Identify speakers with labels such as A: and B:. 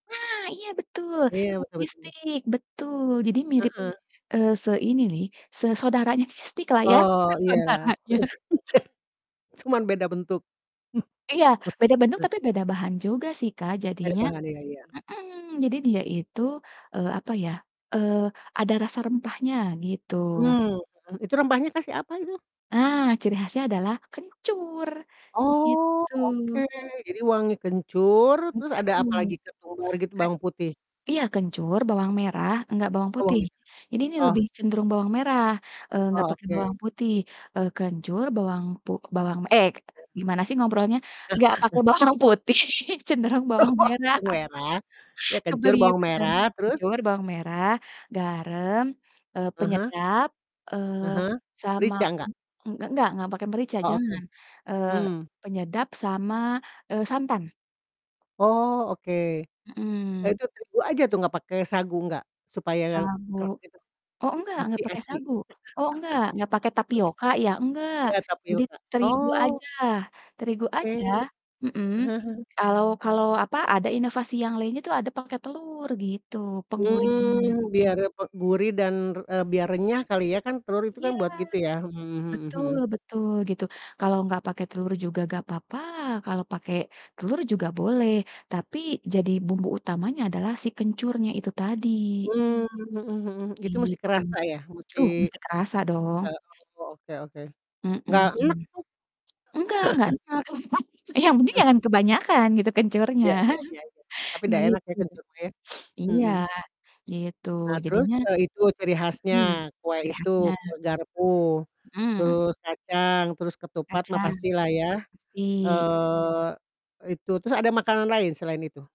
A: Nah! Iya betul,
B: Iya
A: kayak
B: betul
A: cheese
B: betul.
A: stick. Betul. Jadi mirip,
B: Heeh.
A: eee, se ini nih se saudaranya cheese stick-lah ya.
B: Oh, iyalah s
A: Saudaranya.
B: s cuman beda bentuk.
A: Iya. Beda bentuk, tapi beda bahan juga sih, Kak.
B: Beda
A: Jadinya
B: bahannya, iya iya.
A: mhm, jadi dia itu, eee, apa ya, eee, ada rasa rempahnya gitu.
B: Mmm, mhm, itu rempahnya kasih apa itu?
A: Ah, ciri khasnya adalah kencur,
B: Oh,
A: begitu.
B: oke. Jadi wangi kencur, terus
A: Gitu.
B: ada apa lagi? Ketumbar gitu
A: Kayak
B: bawang putih?
A: iya kencur, bawang merah, enggak bawang
B: Oh,
A: putih,
B: git
A: ini nih
B: Oh.
A: lebih cenderung bawang merah, eee, enggak
B: Oh,
A: pake
B: oke.
A: bawang putih, eee, kencur, bawang pu bawang, eee,
B: Iya.
A: gimana sih ngobrolnya, enggak pake bawang putih cenderung bawang
B: Oh,
A: merah.
B: bawang merah? Iya kencur bawang
A: Kebelieur-kan.
B: merah terus?
A: Kencur, bawang merah, garam, eee,
B: Ah hah.
A: penyedap,
B: Ah
A: eee,
B: hah.
A: sama
B: Merica,
A: kun
B: enggak?
A: eng enggak, enggak pake merica,
B: Oh, oke.
A: jangan, eee,
B: Mmm.
A: penyedap sama, eee, santan.
B: Oh, oke. Lah
A: Mhm.
B: itu terigu aja tuh, enggak pake sagu, enggak? Supaya
A: Sagu.
B: gak gitu.
A: Oh, enggak,
B: Aci
A: enggak pakai
B: aci?
A: sagu. Oh, enggak.
B: Aci
A: Enggak
B: itu.
A: pake tapioka ya? Enggak.
B: Iya
A: Jadi
B: tapioka.
A: terigu
B: Oh,
A: aja. Terigu
B: oke.
A: aja. Mhm. Kalau kalau, apa, ada inovasi yang lainnya tuh ada pake telur gitu, penggurihnya.
B: Mmm, biar repe gurih dan re eee, biar renyah kali ya? Kan telur itu kan
A: Iya.
B: buat gitu ya, Mhm mhm mhm.
A: Betul betul gitu. Kalau enggak pakai telur juga enggak papa, kalau pake telur juga boleh, tapi jadi bumbu utamanya adalah si kencurnya itu tadi.
B: Mmm, mhm mhm. Itu musti
A: Gitu.
B: kerasa ya? Musti
A: Uh, mesti kerasa dong.
B: rasa oh, oke oke.
A: Mhm.
B: Enggak enek tuh?
A: Enggak enggak enek maksud yang penting jangan kebanyakan gitu kencurnya.
B: Iya iya iya iya, tapi dah enak ya
A: Gitu.
B: kencur mah ya.
A: Iya
B: Mhm.
A: gitu.
B: Nah terus,
A: Jadinya
B: eee, itu ciri
A: mhm,
B: khasnya, kue
A: ciri
B: itu
A: khasnya.
B: kue garpu,
A: Mhm.
B: terus kacang, terus ketupat mah
A: Kacang.
B: pastilah ya,
A: Mesti.
B: eee e itu terus ada makanan lain selain itu?